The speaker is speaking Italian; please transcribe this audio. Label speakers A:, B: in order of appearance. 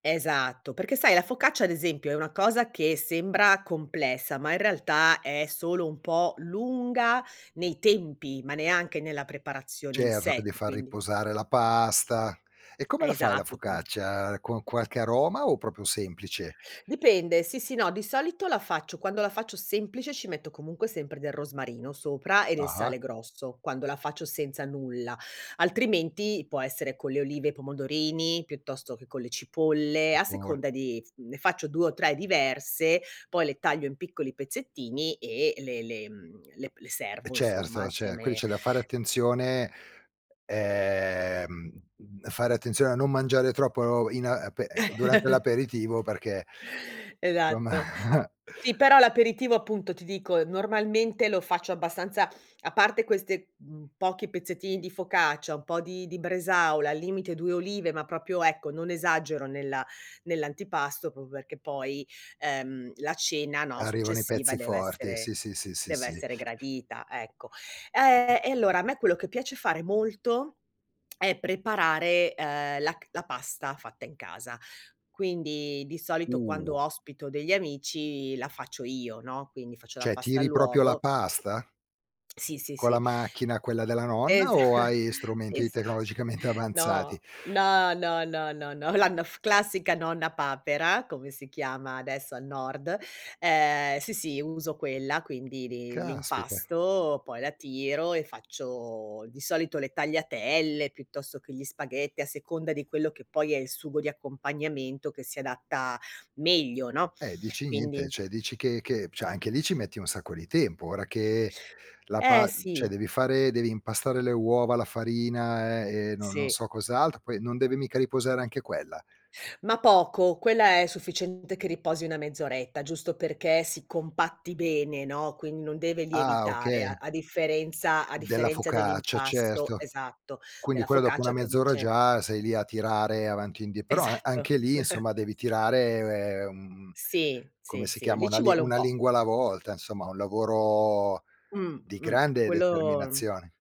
A: Esatto, perché, sai, la focaccia, ad esempio, è una cosa che sembra complessa, ma in realtà è solo un po' lunga nei tempi, ma neanche nella preparazione in
B: Certo, che
A: sé,
B: devi
A: cioè
B: far
A: quindi
B: riposare la pasta. E come la fai la
A: esatto, qui
B: focaccia? Con qualche aroma, o proprio semplice?
A: Dipende, sì, sì, no, di solito la faccio. Quando la faccio semplice ci metto comunque sempre del rosmarino sopra e del
B: Ah-ha.
A: sale grosso, quando la faccio senza nulla. Altrimenti può essere con le olive e i pomodorini, piuttosto che con le cipolle, a
B: Sicur
A: seconda di mhmm, ne faccio 2 o 3 diverse, poi, le taglio in piccoli pezzettini e le le mhmm, le le
B: Eh,
A: servo, insomma,
B: certo. Cioè, qui
A: insieme
B: c'è da fare attenzione ehm, mhmm, fare attenzione a non mangiare troppo in ape durante l'aperitivo, perché insomma
A: Esatto. Sì, però l’aperitivo, appunto, ti dico, normalmente lo faccio abbastanza a parte queste, mhmm, pochi pezzettini di focaccia, un po' di di bresaola, al limite 2 olive, ma proprio, ecco, non esagero nella nell'antipasto, proprio perché poi, ehm, la cena, no,
B: Arrivano i
A: successiva
B: pezzi forti,
A: dev'essere
B: sì, sì, sì, sì, sì.
A: dev'essere gradita, ecco. Ehm, e allora, a me quello che piace fare molto è preparare, ehm, la c la pasta fatta in casa. Quindi, di solito, quando
B: Uh.
A: ospito degli amici la faccio io, no, quindi faccio la
B: Cioè,
A: pasta
B: tiri proprio la
A: all'uovo
B: pasta?
A: Sì, sì,
B: Con la
A: sì.
B: macchina, quella della nonna,
A: Esa
B: o hai
A: sì,
B: strumenti
A: sì.
B: tecnologicamente avanzati?
A: No, no, no, no, no, la n f classica Nonna Papera, come si chiama adesso al nord, ehm, sì, sì, uso quella. Quindi, di
B: Caspita.
A: l'impasto, poi la tiro e faccio, di solito, le tagliatelle, piuttosto che gli spaghetti, a seconda di quello che poi è il sugo di accompagnamento che si adatta meglio, no,
B: Eh, dici niente,
A: quindi
B: cioè, dici che che cioè anche lì ci metti un sacco di tempo. Ora che la
A: Eh
B: pa cioè,
A: sì.
B: devi fare devi impastare le uova, la farina e no non
A: Sì.
B: so cos'altro, poi non deve mica riposare anche quella?
A: Ma poco. Quella è sufficiente che riposi 1 mezz'oretta, giusto perché si compatti bene, no, quindi non deve
B: Ah,
A: lievitare, a
B: okay.
A: a differenza a
B: Della
A: differenza
B: focaccia,
A: dell'impasto,
B: certo.
A: esatto,
B: Quindi
A: della
B: quello dopo 1
A: focaccia che
B: mezz'ora
A: invece
B: già sei lì a tirare avanti e indie però a
A: Esatto.
B: anche lì, insomma, devi tirare mhmm,
A: Sì,
B: come
A: sì,
B: si
A: sì,
B: chiama?
A: lì
B: Una
A: ci
B: li
A: vuole un
B: una
A: po'.
B: lingua alla volta, insomma, un lavoro
A: Mh,
B: di
A: mh.
B: grande
A: Quello
B: determinazione.